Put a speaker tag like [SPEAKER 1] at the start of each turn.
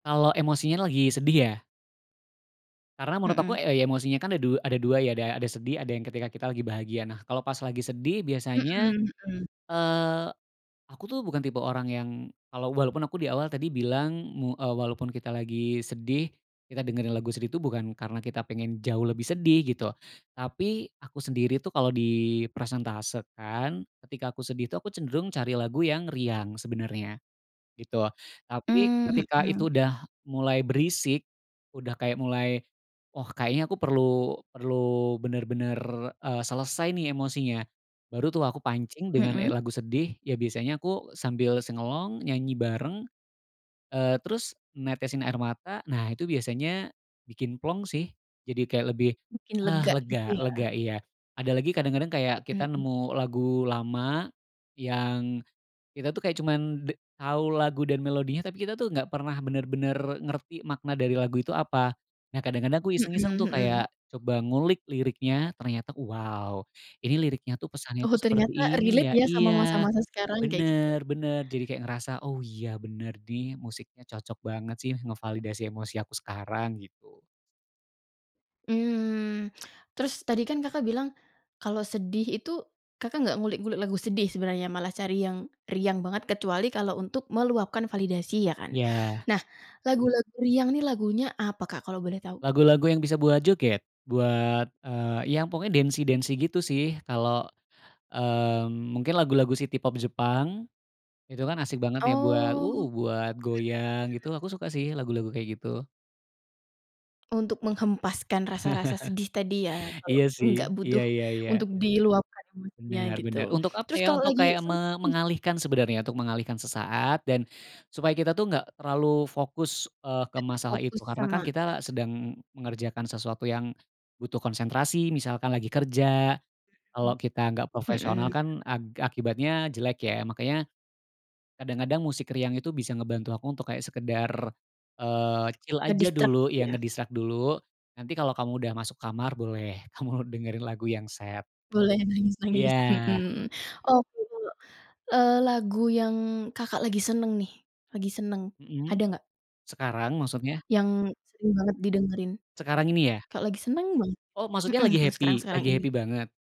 [SPEAKER 1] Kalau emosinya lagi sedih ya? Karena menurut aku
[SPEAKER 2] Mhm.
[SPEAKER 1] e ya emosinya kan ada du ada 2 ya ada ada sedih ada yang ketika kita lagi bahagia. Nah, kalau pas lagi sedih
[SPEAKER 2] Mhm
[SPEAKER 1] biasanya,
[SPEAKER 2] mhm.
[SPEAKER 1] eee, aku tuh bukan tipe orang yang, kalau walaupun aku diawal tadi bilang mu eee, walaupun kita lagi sedih, kita dengerin lagu sedih tuh bukan karena kita pengen jauh lebih sedih gitu, tapi aku sendiri tuh kalau dipresentasekan ketika aku sedih tuh aku cenderung cari lagu yang riang sebenarnya, gitu. Tapi
[SPEAKER 2] Mmm,
[SPEAKER 1] ketika itu
[SPEAKER 2] mhm.
[SPEAKER 1] udah mulai berisik, udah kayak mulai, oh, kayaknya aku perlu perlu bener-bener, eee, selesai nih emosinya, baru tuh aku pancing dengan e
[SPEAKER 2] Mhm.
[SPEAKER 1] lagu sedih ya biasanya aku sambil sing along nyanyi bareng, eee, terus netesin air mata nah itu biasanya, bikin plong sih jadi kayak lebih,
[SPEAKER 2] Bikin
[SPEAKER 1] ah,
[SPEAKER 2] lega gitu
[SPEAKER 1] lega
[SPEAKER 2] ya.
[SPEAKER 1] lega, iya, ada lagi kadang-kadang kayak kita
[SPEAKER 2] Mhm.
[SPEAKER 1] nemu lagu lama, yang, kita tuh kayak cuman de tahu lagu dan melodinya tapi kita tuh nggak pernah bener-bener ngerti makna dari lagu itu apa. Nah, kadang-kadang aku iseng-iseng
[SPEAKER 2] Mhm
[SPEAKER 1] tuh
[SPEAKER 2] mhm.
[SPEAKER 1] kayak, coba ngulik liriknya ternyata wow ini liriknya tuh pesannya
[SPEAKER 2] Oh,
[SPEAKER 1] tuh seperti
[SPEAKER 2] ternyata
[SPEAKER 1] ini ya
[SPEAKER 2] relate ya sama
[SPEAKER 1] iya,
[SPEAKER 2] masa-masa sekarang kayak gitu.
[SPEAKER 1] bener bener, jadi kayak ngerasa, oh, iya, bener nih musiknya cocok banget sih ngevalidasi emosi aku sekarang gitu.
[SPEAKER 2] Mmm, terus tadi kan Kakak bilang, kalau sedih itu, Kakak nggak ngulik-ngulik lagu sedih sebenarnya malah cari yang riang banget kecuali kalau untuk meluapkan validasi ya kan.
[SPEAKER 1] Iya.
[SPEAKER 2] Nah, lagu-lagu riang nih lagunya apa Kak kalau boleh tahu?
[SPEAKER 1] Lagu-lagu yang bisa buat joget, buat, eee, yang pokoknya dancy-dancy gitu sih, kalo, mmm, mungkin lagu-lagu city pop Jepang, itu kan asik banget ya buat,
[SPEAKER 2] Oh, mhm
[SPEAKER 1] uh,
[SPEAKER 2] mhm.
[SPEAKER 1] buat goyang gitu aku suka sih lagu-lagu kayak gitu.
[SPEAKER 2] Untuk menghempaskan rasa-rasa sedih tadi ya kalau
[SPEAKER 1] Iya, sih,
[SPEAKER 2] nggak
[SPEAKER 1] iya
[SPEAKER 2] butuh,
[SPEAKER 1] iya iya.
[SPEAKER 2] untuk diluapkan maksudnya
[SPEAKER 1] Bener
[SPEAKER 2] gitu.
[SPEAKER 1] benar, untuk apa
[SPEAKER 2] Terus
[SPEAKER 1] ya
[SPEAKER 2] kalau
[SPEAKER 1] untuk
[SPEAKER 2] lagi
[SPEAKER 1] kayak
[SPEAKER 2] seneng
[SPEAKER 1] me
[SPEAKER 2] nih?
[SPEAKER 1] mengalihkan sebenarnya untuk mengalihkan sesaat dan, supaya kita tuh nggak terlalu fokus, eee, ke
[SPEAKER 2] Nggak
[SPEAKER 1] masalah
[SPEAKER 2] terfokus
[SPEAKER 1] itu karena
[SPEAKER 2] sama
[SPEAKER 1] kan
[SPEAKER 2] mhm.
[SPEAKER 1] kita sedang mengerjakan sesuatu yang, butuh konsentrasi misalkan lagi kerja, kalau kita nggak
[SPEAKER 2] Mhm,
[SPEAKER 1] profesional
[SPEAKER 2] mhm.
[SPEAKER 1] kan ak akibatnya jelek ya makanya, kadang-kadang musik riang itu bisa ngebantu aku untuk kayak sekedar, eee, chill aja
[SPEAKER 2] Nge-distract
[SPEAKER 1] dulu
[SPEAKER 2] gitu
[SPEAKER 1] yang
[SPEAKER 2] ya?
[SPEAKER 1] nge-distract dulu, nanti kalau kamu udah masuk kamar boleh kamu dengerin lagu yang sad gitu,
[SPEAKER 2] Boleh nangis-nangis,
[SPEAKER 1] iya.
[SPEAKER 2] mhm, oke, kalo, eee, lagu yang Kakak lagi seneng nih, lagi seneng
[SPEAKER 1] Mhm,
[SPEAKER 2] ada nggak?
[SPEAKER 1] sekarang maksudnya?
[SPEAKER 2] Yang sering banget didengerin?
[SPEAKER 1] Sekarang ini ya?
[SPEAKER 2] Kalo lagi seneng gimana?
[SPEAKER 1] Oh, maksudnya
[SPEAKER 2] Mhm
[SPEAKER 1] lagi
[SPEAKER 2] mhm,
[SPEAKER 1] happy?
[SPEAKER 2] sekarang-sekarang
[SPEAKER 1] Lagi
[SPEAKER 2] ini.
[SPEAKER 1] happy banget?